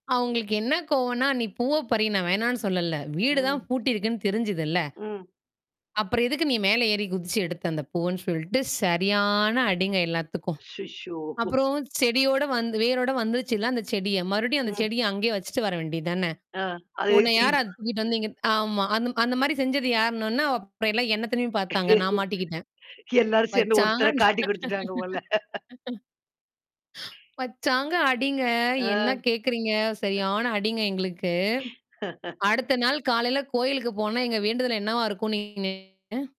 அவுங்களுக்கு என்ன கோவன்னா, "நீ பூவை பறி! நான் வேணாம்ன்னு சொல்லல்ல. வீடு தான் ம். பூட்டி இருக்குன்னு தெரிஞ்சதுல்ல! ம். அப்புறம் எதுக்கு நீ மேல ஏறி குதிச்சு எடுத்த?" அந்த பூவுன்னு சொல்ட்டு, சரியான அடிங்க எல்லாத்துக்கும். அச்சச்சோ! அப்புறம் செடியோட வந்து வேரோட வந்துடுச்சுல்ல அந்தச் செடிய மறுபடியும் அந்தச் உம். செடிய அங்கயே வச்சிட்டு வர வேண்டியதுதானே! அ அதையே உன்ன யார தூக்கிட்டு [unintelligible] தூக்கிட்டு வந்து இங்க ஆமா. அந்த மா அந்த மாரி செஞ்சது யாருன்னவுன்னே, அப்புறம் எல்லாம் என்ன திரும்பி பாத்தாங்க. நான் மாட்டிக்கிட்டேன். எல்லாரும் சேந்து வச்சாங்க ஒருத்தரை நான் காட்டிக் குடுத்துட்டாங்க போல! வச்சாங்க அடிங்க. ஆ என்னா கேக்குறீங்க! சரியான அடிங்க எங்களுக்கு. அடுத்த நாள் காலையில கோயிலுக்குப் போனா, எங்க வேண்டுதல் என்னவா இருக்கும்ன்னு நீங்க நெனைக்கிறீங்க?